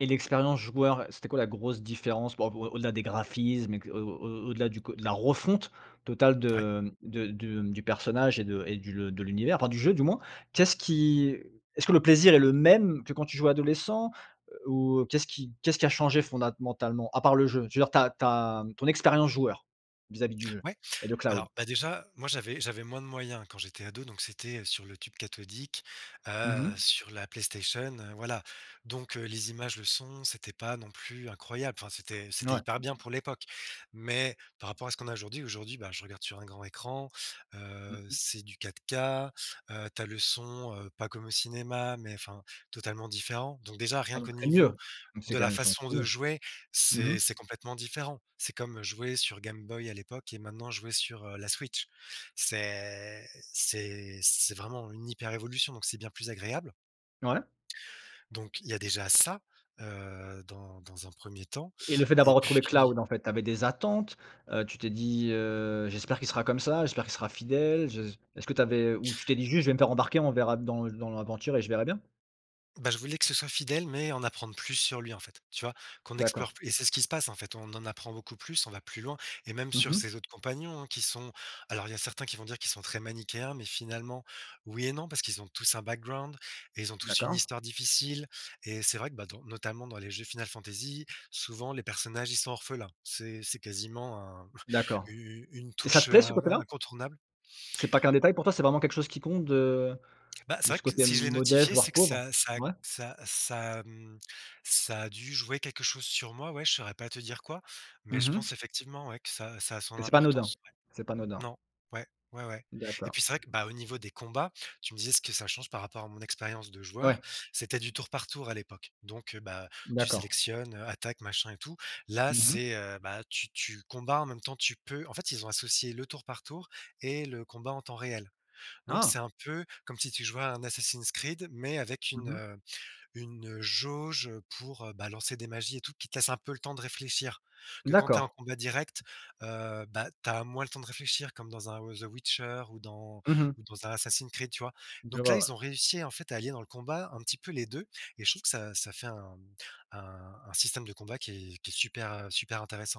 Et l'expérience joueur, c'était quoi la grosse différence par rapport au-delà des graphismes et, au au au-delà du co de la refonte totale Ouais. de de de du personnage et de et du le de l'univers, enfin du jeu du moins? Qu'est-ce qui est-ce que le plaisir est le même que quand tu jouais adolescent? Ou qu'est-ce qui qu'est-ce qui a changé fondamentalement? À part le jeu? Tu veux dire tu as tu as ton expérience joueur, vis-à-vis du jeu Ouais, et de Cloud. alors, bah, déjà, moi j'avais j'avais moins de moyens quand j'étais ado donc c'était, heu, sur le tube cathodique, Mmh heu, mh. sur la PlayStation, heu, voilà. Donc, heu, les images, le son, c'était pas non plus incroyable, enfin, c'était N c'était ouais. hyper bien pour l'époque. Mais par rapport à ce qu'on a aujourd'hui, aujourd'hui, bah, je regarde sur un grand écran, Mmh heu, mh. c'est du 4K, heu, tu as le son, heu, pas comme au cinéma, mais enfin, totalement différent. Donc déjà rien Ah qu'au donc c'est niveau mieux. Donc, c'est de quand la même façon de somptueux. jouer, Mmh mh. c'est c'est complètement différent. C'est comme, heu, jouer sur Game Boy à l'époque et maintenant jouer sur, heu, la Switch. C'est c'est c'est vraiment une hyper révolution, donc c'est bien plus agréable Ouais. donc il y a déjà ça, heu, dans dans un 1er temps. Et le fait Et d'avoir retrouvé puis Cloud, en fait, tu avais des attentes? Heu, tu t'es dit heu: «J'espère qu'il sera comme ça. J'espère qu'il sera fidèle. Je». Est-ce que tu avais ou tu t'es dit juste: «Je vais me faire embarquer, on verra dans dans l'aventure et je verrai bien»? Bah, je voulais que ce soit fidèle, mais en apprendre plus sur lui en fait. Tu vois? Qu'on D'accord. explore plu et c'est ce qui se passe, en fait. On en apprend beaucoup plus, on va plus loin et même Mmh sur mh. ses autres compagnons, hein, qui sont alors il y a certains qui vont dire qu'ils sont très manichéens. Mais finalement oui, et non parce qu'ils ont tous un background et ils ont tous une D'accord. histoire difficile. Et c'est vrai que, bah, ton notamment dans les jeux Final Fantasy, souvent les personnages, ils sont orphelins, c'est c'est quasiment un D'accord. u u une Et ça touche te plaît ce in in côté-là? incontournable! C'est pas qu'un détail pour toi? C'est vraiment quelque chose qui compte de Bah, c'est de vrai ce que côté si je l'ai modeste, notifié, voire c'est que pauvre? ça ça Ouais. ça ça mmh, ça a dû jouer quelque chose sur moi, ouais, je saurais pas te dire quoi. Mais Mmh je pense mh. effectivement ouais, que ça ça a son Que c'est pas anodin. importance ouais. C'est pas anodin. Non, ouais, ouais, ouais. Et D'accord. puis c'est vrai que, bah, au niveau des combats, tu me disais, est ce que ça change par rapport à mon expérience de joueur, Ouais. c'était du tour par tour à l'époque. Donc, heu, bah, tu D'accord. sélectionnes, heu, attaque machin et tout. Là, Mmh mh. c'est, heu, bah, tu tu combats, en même temps, tu peux en fait, ils ont associé le tour par tour et le combat en temps réel. Donc, Ah? c'est un peu comme si tu jouais un Assassin's Creed, mais avec une, Mmh mh. heu, une, heu, jauge, heu, pour, heu, bah, lancer des magies et tout. Qui te laisse un peu le temps de réfléchir. Que quand tu es en D'accord. combat direct, heu, bah, tu as moins le temps de réfléchir comme dans un Woz heu, Witcher ou dans Mmh mh. ou dans un Assassin's Creed, tu vois? Je Donc là, vois, ouais. ils ont réussi, en fait, à allier dans le combat un petit peu les 2 et je trouve que ça ça fait un mmh, un un système de combat qui est qui est super, heu, super intéressant!